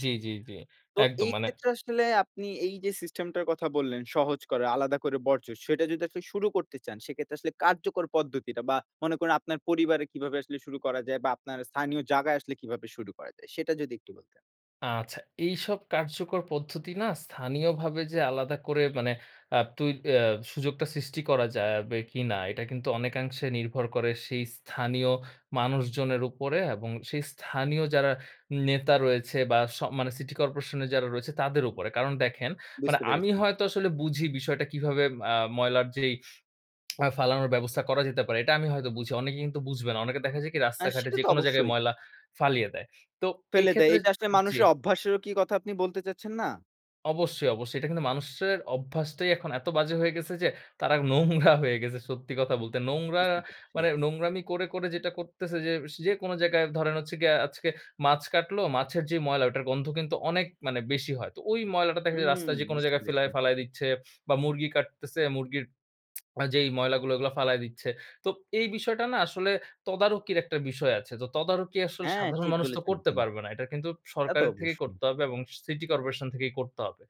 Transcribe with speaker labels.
Speaker 1: জি, জি, জি।
Speaker 2: তো
Speaker 1: একদম
Speaker 2: এই
Speaker 1: মানে
Speaker 2: ক্ষেত্রে আসলে, আপনি এই যে সিস্টেম টার কথা বললেন, সহজ করে আলাদা করে বর্জ্য, সেটা যদি আসলে শুরু করতে চান। সেক্ষেত্রে আসলে কার্যকর পদ্ধতিটা, বা মনে করুন আপনার পরিবারে কিভাবে আসলে শুরু করা যায়? বা আপনার স্থানীয় জায়গায় আসলে কিভাবে শুরু করা যায়? সেটা যদি একটু বলতেন?
Speaker 1: আচ্ছা। এইসব কার্যকর পদ্ধতি না, স্থানীয়ভাবে যে আলাদা করে, মানে আ তুই এ সুযোগটা সৃষ্টি করা যা-বে কিনা, এটা কিন্তু অনেকাংশে নির্ভর করে সেই স্থানীয় মানুষজনের উপরে, এবং সেই স্থানীয় যারা নেতা রয়েছে, বা স মানে সিটি করপোরেশন এর যারা রয়েছে তাদের উপরে। কারণ দেখেন মানে
Speaker 2: বুঝতে
Speaker 1: আমি
Speaker 2: পেরেছি।
Speaker 1: হয়তো আসলে বুঝি বিষয়টা, কিভাবে ম আ ময়লার যেই আ ফালানোর ব্যবস্থা করা যেতে পারে। এটা আমি হয়তো বুঝি। অনেকে কিন্তু বুঝবে না। অনেকে দেখা যায় কি
Speaker 2: হ্যাঁ,
Speaker 1: রাস্তাঘাটে
Speaker 2: সেটা তো
Speaker 1: যেকোনো জায়গায়
Speaker 2: অবশ্যই।
Speaker 1: ময়লা ফালিয়ে দেয়। তো
Speaker 2: ফেলে দেয়,
Speaker 1: এক্ষেত্রে
Speaker 2: এইটা আসলে
Speaker 1: জি।
Speaker 2: মানুষের অভ্যাসেরও কি কথা আপনি বলতে চাচ্ছেন না?
Speaker 1: অবশ্যই, অবশ্যই। এটা কিন্তু মানুষের অভ্যাসটাই, এখন এত বাজে হয়ে গেছে যে, তারা নোংরা হয়ে গেছে। সত্যি কথা বলতে। নোংরা
Speaker 2: বুঝতে পেরেছি।
Speaker 1: মানে নোংরামি করে করে যেটা করতেছে যে, স যেকোনো জায়গায় ধরেন হচ্ছে গিয়া আজকে মাছ কাটলো, মাছের যে ময়লা ওটার গন্ধ কিন্তু অনেক মানে বেশি হয়। তো ওই ময়লাটা দেখা যায়,
Speaker 2: হুম,
Speaker 1: রাস্তায় যে কোন
Speaker 2: বুঝতে
Speaker 1: জায়গায়
Speaker 2: পেরেছি।
Speaker 1: ফেলায় ফালায় দিচ্ছে, বা মুরগি কাটতেছে মুরগির আ যেই ময়লাগুলো ওগুলা ফালায় দিচ্ছে। তো এই বিষয়টা না আসলে তদারকির একটা বিষয় আছে। তো তদারকি আসলে
Speaker 2: হ্যাঁ,
Speaker 1: সাধারণ
Speaker 2: ঠিক
Speaker 1: মানুষ তো
Speaker 2: বলেছেন
Speaker 1: করতে
Speaker 2: আপনি।
Speaker 1: পারবে না। এটা কিন্তু
Speaker 2: তা তো
Speaker 1: সরকারের থেকেই
Speaker 2: অবশ্যই।
Speaker 1: করতে হবে, এবং স সিটি করপোরেশন থেকেই করতে হবে।